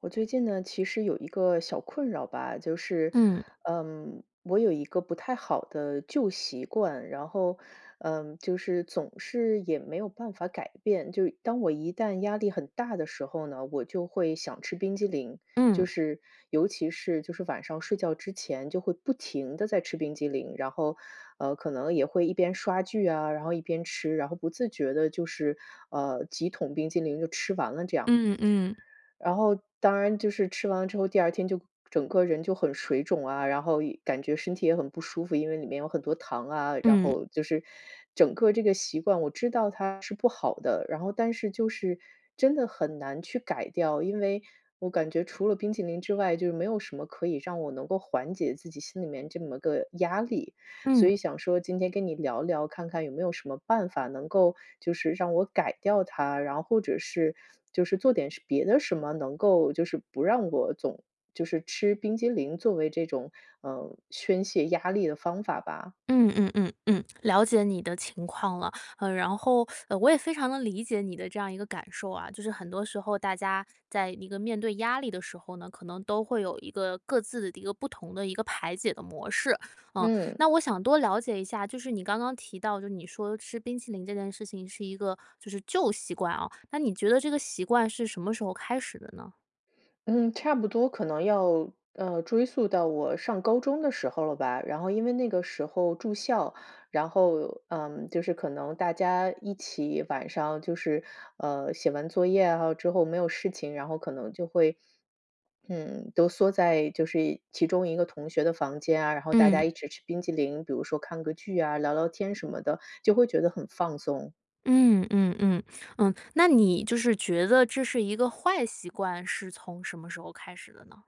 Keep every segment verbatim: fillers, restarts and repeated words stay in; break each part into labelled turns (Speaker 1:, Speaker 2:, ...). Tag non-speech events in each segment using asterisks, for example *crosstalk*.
Speaker 1: 我最近呢，其实有一个小困扰吧，就是，
Speaker 2: 嗯。
Speaker 1: 嗯，我有一个不太好的旧习惯，然后，嗯，就是总是也没有办法改变，就当我一旦压力很大的时候呢，我就会想吃冰激凌，
Speaker 2: 嗯。
Speaker 1: 就是尤其是就是晚上睡觉之前就会不停地在吃冰激凌，然后，呃，可能也会一边刷剧啊，然后一边吃，然后不自觉地就是，呃，几桶冰淇淋就吃完了这样。
Speaker 2: 嗯嗯。
Speaker 1: 然后当然就是吃完之后，第二天就整个人就很水肿啊，然后也感觉身体也很不舒服，因为里面有很多糖啊，然
Speaker 2: 嗯。
Speaker 1: 后就是整个这个习惯我知道它是不好的，然后但是就是真的很难去改掉。因为我感觉除了冰淇淋之外，就没有什么可以让我能够缓解自己心里面这么个压力，所
Speaker 2: 嗯。
Speaker 1: 以想说今天跟你聊聊，看看有没有什么办法能够就是让我改掉它，然或者是就是做点别的什么，能够就是不让我总就是吃冰激凌作为这种，呃，宣泄压力的方法吧。
Speaker 2: 嗯嗯嗯嗯，了解你的情况了。呃，然后，*sucks teeth* 呃，我也非常地理解你的这样一个感受啊，就是很多时候大家在一个面对压力的时候呢，可能都会有一个各自的一个不同的一个排解的模式。呃，
Speaker 1: 嗯。
Speaker 2: 那我想多了解一下，就是你刚刚提到，就是你说吃冰淇淋这件事情是一个就是旧习惯啊，那你觉得这个习惯是什么时候开始的呢？
Speaker 1: 嗯，差不多可能要，呃，追溯到我上高中的时候了吧。然后因为那个时候住校，然后，嗯，就是可能大家一起晚上就是，呃，写完作业啊之后没有事情，然后可能就会，嗯，都缩在就是其中一个同学的房间啊，然后大家
Speaker 2: 嗯。
Speaker 1: 一起吃冰激凌，比如说看个剧啊，聊聊天什么的，就会觉得很放松。
Speaker 2: 嗯嗯嗯，嗯，那你就是觉得这是一个坏习惯，是从什么时候开始的呢？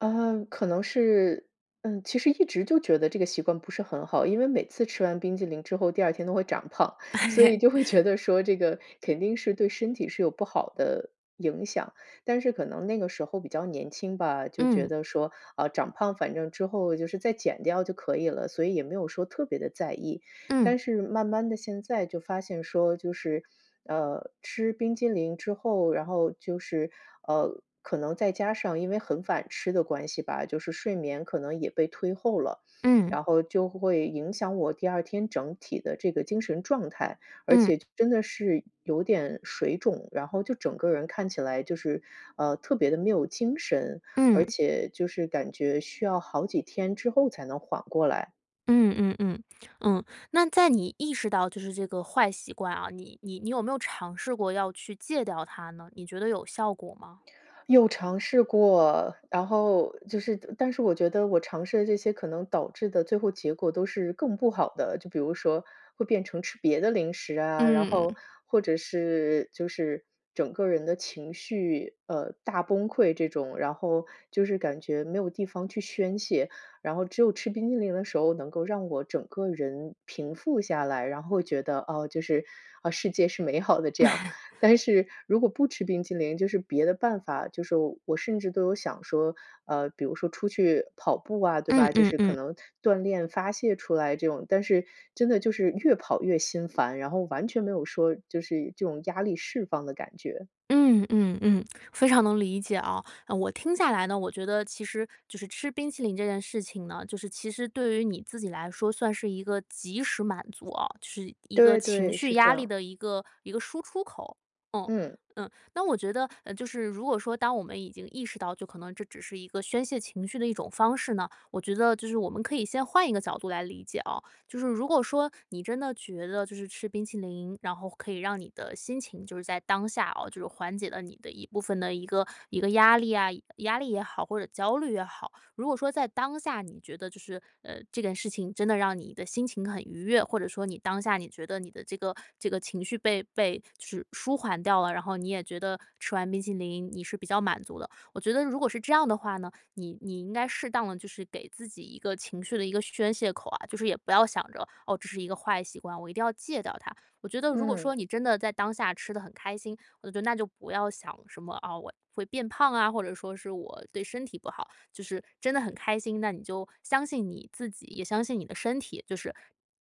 Speaker 1: 啊，可能是嗯，其实一直就觉得这个习惯不是很好，因为每次吃完冰激凌之后第二天都会长胖。所以就会觉得说
Speaker 2: *laughs*
Speaker 1: 这个肯定是对身体是有不好的影响。但是可能那个时候比较年轻吧，就觉
Speaker 2: 嗯。
Speaker 1: 得说，啊，长胖反正之后就是再减掉就可以了，所以也没有说特别地在意。
Speaker 2: 嗯。
Speaker 1: 但是慢慢的，现在就发现说，就是，呃，吃冰激淋之后，然后就是，呃，可能再加上因为很反吃的关系吧，就是睡眠可能也被推后了。
Speaker 2: 嗯。
Speaker 1: 然后就会影响我第二天整体的这个精神状态，而
Speaker 2: 嗯。
Speaker 1: 且真的是有点水肿，然后就整个人看起来就是，呃，特别的没有精神，
Speaker 2: 嗯。
Speaker 1: 而且就是感觉需要好几天之后才能缓过来。
Speaker 2: 嗯嗯嗯，嗯，那在你意识到就是这个坏习惯啊，你你你有没有尝试过要去戒掉它呢？你觉得有效果吗？
Speaker 1: 有尝试过，然后就是但是我觉得我尝试的这些可能导致地最后结果都是更不好的，就比如说会变成吃别的零食啊，然
Speaker 2: 嗯。
Speaker 1: 后，或者是就是整个人的情绪，呃，大崩溃这种，然后就是感觉没有地方去宣泄，然后只有吃冰淇淋的时候能够让我整个人平复下来，然后觉得，啊，就是，啊，世界是美好的这样。
Speaker 2: *laughs*
Speaker 1: 但是如果不吃冰淇淋就是别的办法，就是说我甚至都有想说，呃，比如说出去跑步啊，对
Speaker 2: 嗯
Speaker 1: 吧，就
Speaker 2: 嗯
Speaker 1: 是可
Speaker 2: 嗯。
Speaker 1: 能锻炼发泄出来这种，但是真的就是越跑越心烦，然后完全没有说就是这种压力释放的感觉。
Speaker 2: 嗯，嗯嗯，非常能理解啊，我听下来呢，我觉得其实就是吃冰淇淋这件事情呢，就是其实对于你自己来说，算是一个及时满足啊，就是一个
Speaker 1: 对
Speaker 2: 情
Speaker 1: 对，
Speaker 2: 绪
Speaker 1: 是这
Speaker 2: 压力
Speaker 1: 样。
Speaker 2: 的一个一个输出口。哦，
Speaker 1: 嗯。
Speaker 2: 嗯，那我觉得，呃，就是如果说当我们已经意识到，就可能这只是一个宣泄情绪的一种方式呢，我觉得就是我们可以先换一个角度来理解啊，就是如果说，你真的觉得就是吃冰淇淋，然后可以让你的心情就是在当下哦，就是缓解了你的一部分的一个一个压力啊压力也好，或者焦虑也好。如果说在当下你觉得就是，呃，这件事情真的让你的心情很愉悦，或者说你当下你觉得你的这个这个情绪被被就是舒缓掉了，然后你也觉得吃完冰淇淋你是比较满足的。我觉得如果是这样的话呢，你你应该适当地就是给自己一个情绪的一个宣泄口啊，就是也不要想着：哦，这是一个坏习惯，我一定要戒掉它。我觉得如果说
Speaker 1: 嗯。
Speaker 2: 你真的在当下吃得很开心，我觉得那就不要想什么：啊，我会变胖啊，或者说是我对身体不好。就是真得很开心，那你就相信你自己，也相信你的身体，就是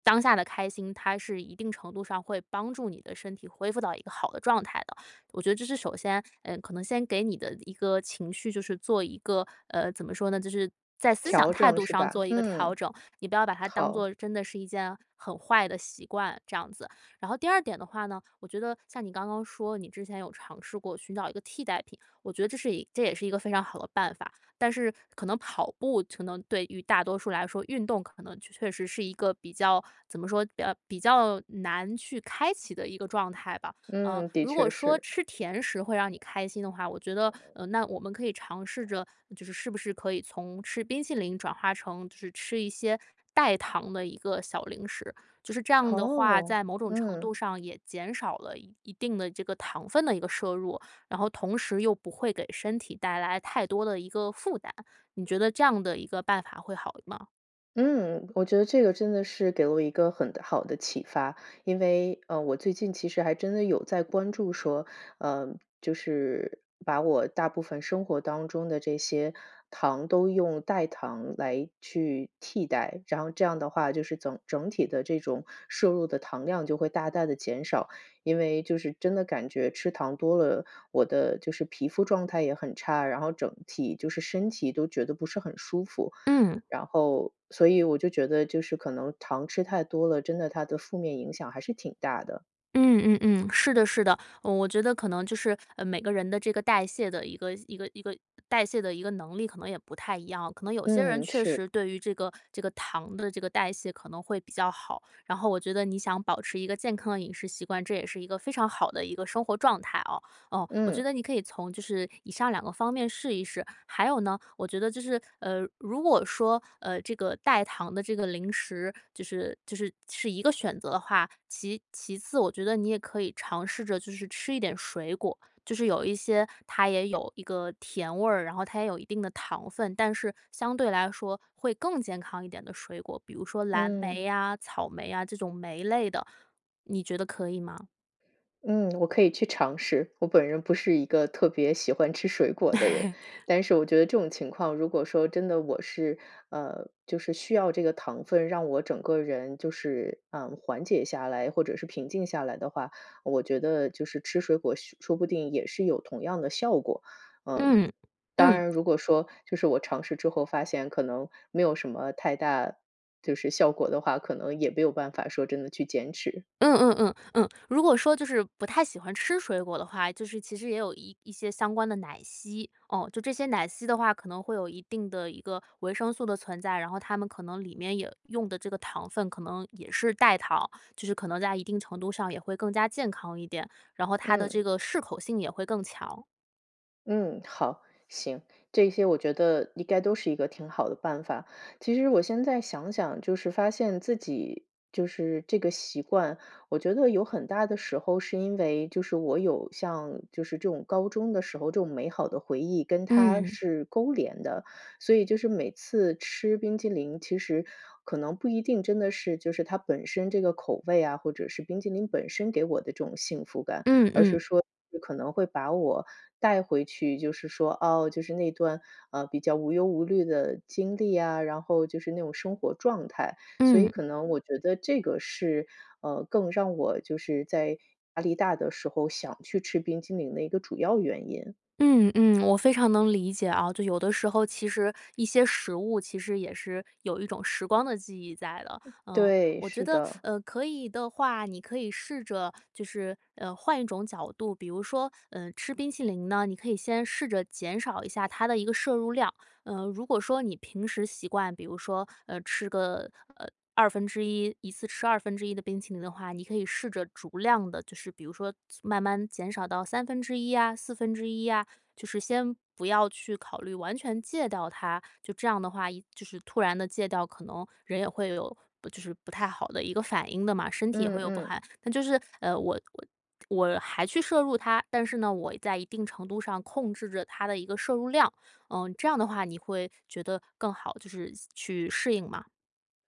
Speaker 2: 当下的开心，它是一定程度上会帮助你的身体恢复到一个好的状态的。我觉得这是首先，呃，可能先给你的一个情绪就是做一个呃，怎么说呢？就是在思想
Speaker 1: 调
Speaker 2: 态
Speaker 1: 整
Speaker 2: 度
Speaker 1: 是
Speaker 2: 上
Speaker 1: 吧？
Speaker 2: 做一个调
Speaker 1: 嗯，
Speaker 2: 整，你不要把它当
Speaker 1: 好。
Speaker 2: 作真的是一件很坏的习惯，这样子。然后第二点的话呢，我觉得像你刚刚说，你之前有尝试过寻找一个替代品，我觉得这是一这也是一个非常好的办法。但是可能跑步可能对于大多数来说，运动可能确确实是一个比较怎么说，比较比较难去开启的一个状态吧，呃，
Speaker 1: 嗯，的
Speaker 2: 如果
Speaker 1: 确
Speaker 2: 说
Speaker 1: 是。
Speaker 2: 吃甜食会让你开心的话，我觉得，呃，那我们可以尝试着，就是是不是可以从吃冰淇淋转化成就是吃一些代糖的一个小零食，就是这样的话，
Speaker 1: 哦，
Speaker 2: 在某种程
Speaker 1: 嗯。
Speaker 2: 度上也减少了一一定的这个糖分的一个摄入，然后同时又不会给身体带来太多的一个负担，你觉得这样的一个办法会好吗？
Speaker 1: 嗯，我觉得这个真的是给我一个很好的启发，因为，呃，我最近其实还真的有在关注说，呃，就是把我大部分生活当中的这些糖都用代糖来去替代，然后这样的话就是整整体的这种摄入的糖量就会大大地减少。因为就是真的感觉吃糖多了，我的就是皮肤状态也很差，然后整体就是身体都觉得不是很舒服。
Speaker 2: 嗯。
Speaker 1: 然后所以我就觉得就是可能糖吃太多了，真的它的负面影响还是挺大的。
Speaker 2: 嗯嗯嗯，是的是的。哦我觉得可能就是，呃，每个人的这个代谢的一个一个一个代谢的一个能力可能也不太一样，可能有些人
Speaker 1: 嗯，
Speaker 2: 确
Speaker 1: 是。
Speaker 2: 实对于这个这个糖的这个代谢可能会比较好，然后我觉得你想保持一个健康的饮食习惯，这也是一个非常好的一个生活状态哦。哦，我觉
Speaker 1: 嗯。
Speaker 2: 得你可以从就是以上两个方面试一试，还有呢，我觉得就是，呃，如果说，呃，这个代糖的这个零食，就是就是是一个选择的话，其其次，我觉得你也可以尝试着就是吃一点水果，就是有一些它也有一个甜味儿，然后它也有一定的糖分，但是相对来说会更健康一点的水果，比如说蓝
Speaker 1: 嗯。
Speaker 2: 莓啊、草莓啊，这种莓类的，你觉得可以吗？
Speaker 1: 嗯，我可以去尝试。我本人不是一个特别喜欢吃水果的人，
Speaker 2: *laughs*
Speaker 1: 但是我觉得这种情况如果说真的我是呃，就是需要这个糖分让我整个人就是，嗯，缓解下来或者是平静下来的话，我觉得就是吃水果说说不定也是有同样的效果。嗯。
Speaker 2: 嗯，
Speaker 1: 当
Speaker 2: 嗯。
Speaker 1: 然，如果说就是我尝试之后发现可能没有什么太大就是效果的话，可能也没有办法说真的去减脂。
Speaker 2: 嗯嗯嗯，嗯，如果说就是不太喜欢吃水果的话，就是其实也有一一些相关的奶昔。哦，就这些奶昔的话，可能会有一定的一个维生素的存在，然后它们可能里面也用的这个糖分可能也是代糖。就是可能在一定程度上也会更加健康一点，然后它的
Speaker 1: 嗯。
Speaker 2: 这个适口性也会更强。
Speaker 1: 嗯，好，行，这些我觉得应该都是一个挺好的办法。其实我现在想想，就是发现自己就是这个习惯，我觉得有很大的时候是因为就是我有像就是这种高中的时候，这种美好的回忆跟它
Speaker 2: 嗯。
Speaker 1: 是勾连的。所以就是每次吃冰淇淋，其实可能不一定真的是就是它本身这个口味啊，或者是冰激淋本身给我的这种幸福感。
Speaker 2: 嗯
Speaker 1: 而
Speaker 2: 嗯。
Speaker 1: 是说可能会把我带回去，就是说，哦，就是那段，啊，比较无忧无虑的经历啊，然后就是那种生活状态。所以
Speaker 2: 嗯。
Speaker 1: 可能我觉得这个是，呃，更让我就是在压力大的时候想去吃冰激凌的一个主要原因。
Speaker 2: 嗯嗯，我非常能理解啊，就有的时候其实一些食物，其实也是有一种时光的记忆在了。呃，
Speaker 1: 对，
Speaker 2: 我觉
Speaker 1: 是
Speaker 2: 得，*sucks teeth*
Speaker 1: 的。
Speaker 2: 呃，可以的话，你可以试着，就是，呃，换一种角度，比如说，呃，吃冰淇淋呢，你可以先试着减少一下它的一个摄入量。呃，如果说你平时习惯，比如说，呃，吃个，呃，二分之一，一次吃二分之一的冰淇淋的话，你可以试着逐量地，就是比如说慢慢减少到三分之一啊，四分之一啊，就是先不要去考虑完全戒掉它。就这样的话，一就是突然地戒掉，可能人也会有不就是不太好的一个反应的嘛，身体也会
Speaker 1: 嗯
Speaker 2: 有不
Speaker 1: 嗯。
Speaker 2: 害那就是，呃，我我我还去摄入它，但是呢，我在一定程度上控制着它的一个摄入量。呃，这样的话你会觉得更好就是去适应吗？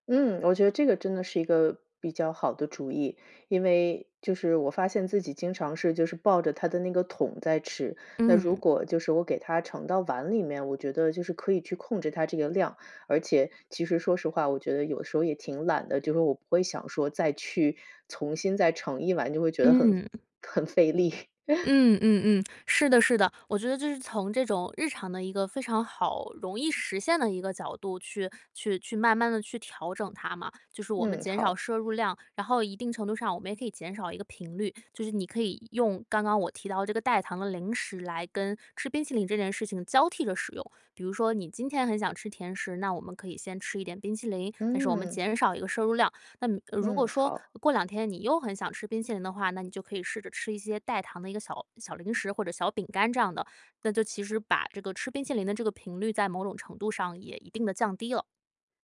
Speaker 1: 嗯，我觉得这个真的是一个比较好的主意。因为就是我发现自己经常是就是抱着它的那个桶在吃，那如
Speaker 2: 嗯。
Speaker 1: 果就是我给它盛到碗里面，我觉得就是可以去控制它这个量，而且，其实说实话，我觉得有时候也挺懒的，就说我不会想说再去重新再盛一碗，就会觉得很
Speaker 2: 嗯。
Speaker 1: 很费力。*laughs*
Speaker 2: 嗯嗯嗯，*tsk* 是的是的，我觉得这是从这种日常的一个非常好容易实现的一个角度去去去慢慢地去调整它嘛，就是我们
Speaker 1: 嗯，
Speaker 2: 减少
Speaker 1: 好。
Speaker 2: 摄入量，然后一定程度上我们也可以减少一个频率。就是你可以用刚刚我提到这个代糖的零食来跟吃冰淇淋这件事情交替着使用，比如说你今天很想吃甜食，那我们可以先吃一点冰淇淋，但是我们
Speaker 1: 嗯。
Speaker 2: 减少一个摄入量，那如果
Speaker 1: 嗯，
Speaker 2: 说
Speaker 1: 好。
Speaker 2: 过两天你又很想吃冰淇淋的话，那你就可以试着吃一些代糖的一个小小零食或者小饼干这样的，那就其实把这个吃冰淇淋的这个频率在某种程度上也一定地降低了。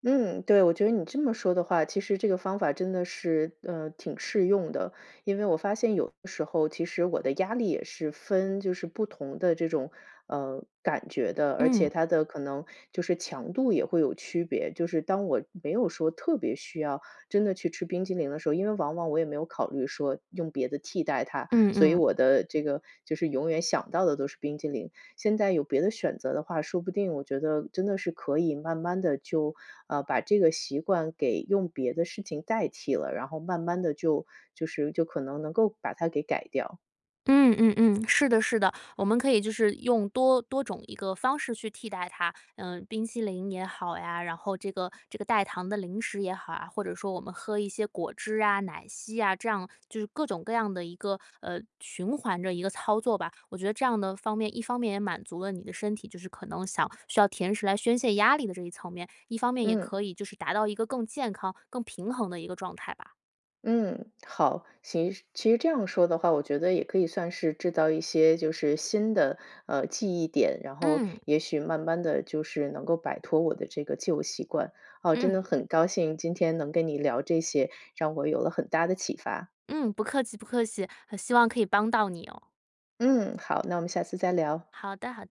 Speaker 1: 嗯，对，我觉得你这么说的话，其实这个方法真的是，呃，挺适用的。因为我发现有的时候其实我的压力也是分就是不同的这种，呃，感觉的，而且
Speaker 2: 嗯。
Speaker 1: 它的可能就是强度也会有区别，就是当我没有说特别需要真的去吃冰淇淋的时候因为往往我也没有考虑说用别的替代它，
Speaker 2: 嗯
Speaker 1: 所以
Speaker 2: 嗯。
Speaker 1: 我的这个就是永远想到的都是冰激凌。现在有别的选择的话，说不定我觉得真的是可以慢慢地就，呃，把这个习惯给用别的事情代替了，然后慢慢地就就是就可能能够把它给改掉。
Speaker 2: 嗯嗯嗯，是的是的，我们可以就是用多多种一个方式去替代它。呃，冰淇淋也好呀，然后这个这个代糖的零食也好啊，或者说我们喝一些果汁啊、奶昔呀，这样，就是各种各样的一个，呃，循环的一个操作吧。我觉得这样的方面，一方面也满足了你的身体就是可能想需要甜食来宣泄压力的这一层面，一方面也
Speaker 1: 嗯。
Speaker 2: 可以就是达到一个更健康、更平衡的一个状态吧。
Speaker 1: 嗯，好，行。其其实这样说的话，我觉得也可以算是制造一些就是新的，呃，记忆点，然后
Speaker 2: 嗯。
Speaker 1: 也许慢慢地就是能够摆脱我的这个旧习惯。哦，真
Speaker 2: 嗯。
Speaker 1: 的很高兴今天能跟你聊这些，让我有了很大的启发。
Speaker 2: 嗯，不客气不客气，很希望可以帮到你哦。
Speaker 1: 嗯，好，那我们下次再聊。
Speaker 2: 好的，好